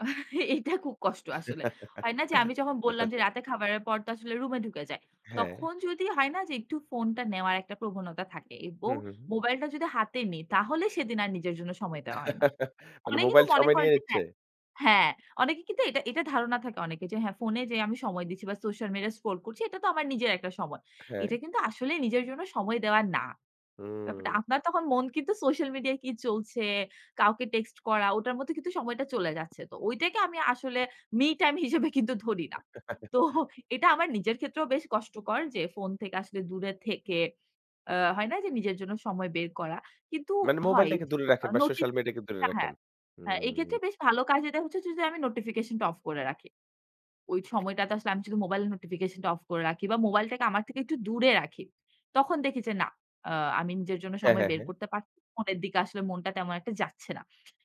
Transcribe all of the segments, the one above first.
এইটা খুব কষ্ট আসলে। হয় না যে আমি যখন আচ্ছা, বললাম, যে আচ্ছা। রাতে খাবারের পর তো আসলে রুমে ঢুকে যাই। হ্যাঁ। তখন যদি হয় না যে একটু ফোনটা নেওয়ার একটা প্রবণতা থাকে। হু, এবং হু। মোবাইলটা যদি হাতে নিই তাহলে সেদিন আর নিজের জন্য সময় দেওয়া হয় না। মানে অনেকে তো মোবাইল মনে সময় করেন নিয়ে যে নিচ্ছে? হ্যাঁ হ্যাঁ, অনেকে কিন্তু এটা এটা ধারণা থাকে অনেকের যে হ্যাঁ, ফোনে যে আমি সময় দিচ্ছি বা সোশ্যাল মিডিয়া স্ক্রল করছি এটা তো আমার নিজের একটা সময়। এটা হ্যাঁ। কিন্তু আসলে নিজের জন্য সময় দেওয়া না। ব্যাপারটা হুম। আপনার তখন মন কিন্তু সোশ্যাল মিডিয়ায় কি চলছে, কাউকে টেক্সট করা, ওটার মধ্যে কিন্তু সময়টা চলে যাচ্ছে। তো ঐটাকে আমি আসলে মি টাইম হিসেবে কিন্তু ধরি না। তো এটা আমার নিজের ক্ষেত্রেও বেশ কষ্টকর যে ফোন থেকে আসলে দূরে থেকে আ হয় না যে, নিজের জন্য সময় বের করা। কিন্তু মানে হয় মোবাইলটাকে জ দূরে রাখেন বা নোটি সোশ্যাল মিডিয়া কে দূরে [unintelligible] হ্যাঁ, রাখেন। হ্যাঁ, হুম। এক্ষেত্রে বেশ ভালো কাজ দেয় হচ্ছে যে আমি নোটিফিকেশন টা অফ করে রাখি। ওই সময়টাতে আসলে আমি শুধু মোবাইল নোটিফিকেশন টা অফ করে রাখি বা মোবাইলটাকে আমার থেকে একটু দূরে রাখি। তখন দেখি যে না আ আমি নিজের জন্য হ্যাঁ, সময় হ্যাঁ, বের হ্যাঁ। করতে পারছি। ফোনের দিকে আসলে মনটা তেমন একটা যাচ্ছে না।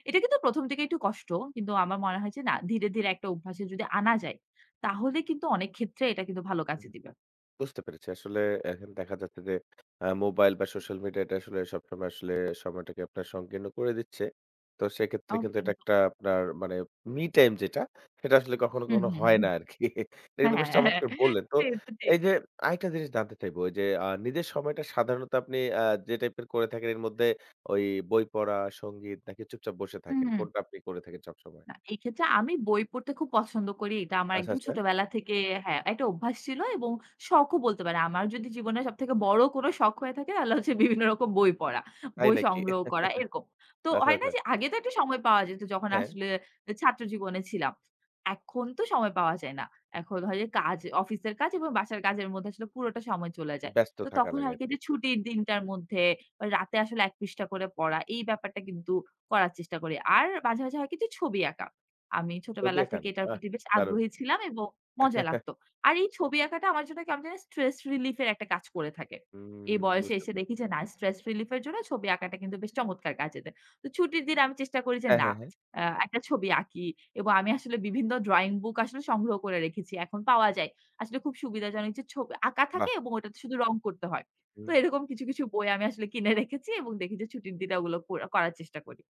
এটা কিন্তু ১ম দিকে একটু কষ্ট। কিন্তু আমার মনে হয়েছে না ধীরে, ধীরে একটা অভ্যাসে যদি আনা যায়, তাহলে কিন্তু অনেক ক্ষেত্রে এটা কিন্তু ভালো কাজে [unintelligible] দিবে। বুঝতে পেরেছি। আসলে এখন দেখা যাচ্ছে যে আ মোবাইল বা সোশ্যাল মিডিয়া এটা আসলে সবসময় আসলে সময়টাকে আপনার সংকীর্ণ করে দিচ্ছে। তো সেক্ষেত্রে ও কিন্তু এটা [unintelligible] একটা আপনার মানে মি টাইম যেটা সেটা আসলে কখনো, হুম, কখনো হুম, হয় হুম। না আরকি। এটা হ্যাঁ, কিন্তু হ্যাঁ, বেশ হ্যাঁ, হ্যাঁ, চমৎকার বললেন। তো সে তো ঠিক। এই যে আরেকটা জিনিস জানতে চাইবো যে আ নিজের সময়টা সাধারণত আপনি আ যে টাইপের করে থাকেন এর মধ্যে ওই বই পড়া, সংগীত নাকি চুপচাপ বসে থাকেন। হুম। কোনটা আপনি করে থাকেন সবসময়। না, এই ক্ষেত্রে আমি বই পড়তে খুব পছন্দ করি। এটা আমার আচ্ছা, একদম আচ্ছা। ছোটবেলা থেকে হ্যাঁ একটা অভ্যাস ছিল এবং শখও বলতে পারি। আমার যদি জীবনে সবথেকে বড় কোনো শখ হয়ে থাকে তাহলে হচ্ছে বিভিন্ন রকম বই পড়া। তাই বই নাকি? সংগ্রহ করা এরকম। তো আচ্ছা, হয় না আচ্ছা। যে আগে তো একটা সময় পাওয়া যেত যখন হ্যাঁ। আসলে এ ছাত্র জীবনে ছিলাম। এখন তো সময় পাওয়া যায় না। এখন হয় যে কাজ অফিসের কাজ এবং বাসার কাজের মধ্যে আসলে পুরোটা সময় চলে যায়। ব্যস্ত তো থাকা তখন লাগে হয় কি আরকি। যে ছুটির দিনটার মধ্যে রাতে আসলে ১ পৃষ্ঠা করে পড়া এই ব্যাপারটা কিন্তু করার চেষ্টা করি। আর মাঝে, মাঝে হয় কিছু ছবি আঁকা। আমি ছবি ছোটবেলা আঁকান? থেকে এটার আহ! প্রতি বেশ দারুণ! আগ্রহী ছিলাম এবং মজা লাগতো। আর এই ছবি আঁকাটা আমার জন্য কেমন জানি স্ট্রেস রিলিফ এর একটা কাজ করে থাকে। হুম, এই বয়সে বুঝতে এসে পেরেছি। দেখি যে না স্ট্রেস রিলিফ এর জন্য ছবি আঁকাটা কিন্তু বেশ চমৎকার কাজে দেয়। তো ছুটির দিন আমি চেষ্টা করি যে হ্যাঁ, না। হ্যাঁ, হ্যাঁ। আ একটা ছবি আঁকি এবং আমি আসলে বিভিন্ন ড্রইং বুক আসলে সংগ্রহ করে রেখেছি। এখন পাওয়া যায়। আসলে খুব সুবিধাজনক যে ছবি আঁকা থাকে বাহ! এবং ওটাতে শুধু রং করতে হয়। তো হুম। এরকম কিছু, কিছু বই আমি আসলে কিনে রেখেছি এবং দেখি যে ছুটির দিনে ওগুলো করে করার চেষ্টা করি।